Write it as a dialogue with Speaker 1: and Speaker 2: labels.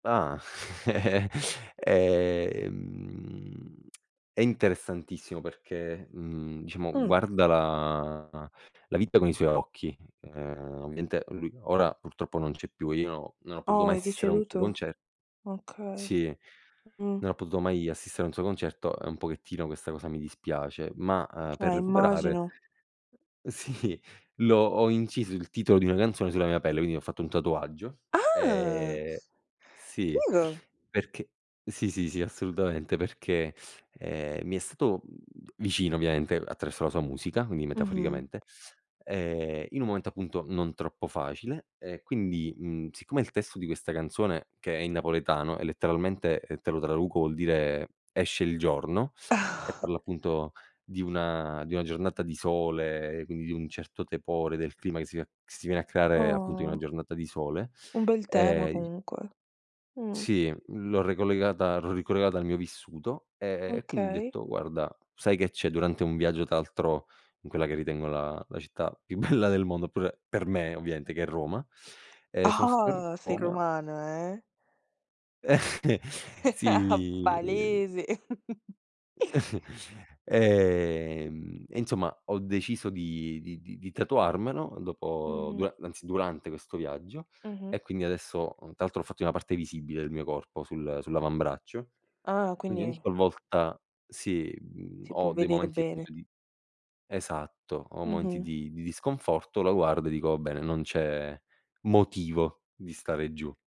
Speaker 1: Ah. Eh-eh. Ehm, è interessantissimo perché, mhmm, diciamo
Speaker 2: Mh.
Speaker 1: guarda la la vita con i suoi occhi. Uhm, ovviamente lui ora purtroppo non c'è più, io non ho potuto
Speaker 2: Oh,
Speaker 1: mai
Speaker 2: è
Speaker 1: assistere a un suo
Speaker 2: deceduto?
Speaker 1: conce
Speaker 2: Okay.
Speaker 1: Sì,
Speaker 2: Mh.
Speaker 1: non ho potuto mai assistere a un suo concerto e un pochettino questa cosa mi dispiace, ma, uhm, per
Speaker 2: Eh,
Speaker 1: recuperare
Speaker 2: immagino.
Speaker 1: sì, l'ho ho inciso il titolo di una canzone sulla mia pelle, quindi ho fatto un tatuaggio.
Speaker 2: Ah!
Speaker 1: Ehm, sì,
Speaker 2: Figo.
Speaker 1: perché sì, sì, sì assolutamente perché, ehm, mi è stato, mhmm, vicino ovviamente attraverso la sua musica, quindi
Speaker 2: Mh-mh.
Speaker 1: metaforicamente, ehm, in un momento appunto non troppo facile e quindi, mhmm, siccome il testo di questa canzone, che è in napoletano e letteralmente, ehm, te lo traduco, vuol dire "esce il giorno", e parla appunto di una di una giornata di sole e quindi di un certo tepore, del clima che si va che si viene a creare appunto in una
Speaker 2: Oh.
Speaker 1: giornata di sole;
Speaker 2: Un bel tema
Speaker 1: e i
Speaker 2: comunque. Mh.
Speaker 1: Sì, l'ho ricollegata l'ho ricollegata al mio vissuto, e ehm, e quindi ho
Speaker 2: Okay.
Speaker 1: detto: "Guarda, sai che c'è" durante un viaggio tra altro in quella che ritengo la la città più bella del mondo, oppure per me ovviamente che è Roma. Ehm, sono stato a
Speaker 2: Ah-ah, sei
Speaker 1: Roma
Speaker 2: romana, eh?
Speaker 1: Eh, sì, mi mi ehm
Speaker 2: Palese.
Speaker 1: Ehm, e insomma ho deciso di di di di tatuarmelo dopo
Speaker 2: Mh-mh.
Speaker 1: dura anzi durante questo viaggio,
Speaker 2: Mh-mh.
Speaker 1: e quindi adesso uhm, tra l'altro l'ho fatto in una parte visibile del mio corpo, sul sull'avambraccio,
Speaker 2: Ah,
Speaker 1: quindi ogni
Speaker 2: quindi
Speaker 1: qualvolta sì, mhmm,
Speaker 2: Si può
Speaker 1: ho dei
Speaker 2: vedere
Speaker 1: momenti
Speaker 2: bene.
Speaker 1: appunto di esatto, ho momenti
Speaker 2: Mh-mh.
Speaker 1: di di disconforto, lo guardo e dico: "Va bene, non c'è motivo di stare giù".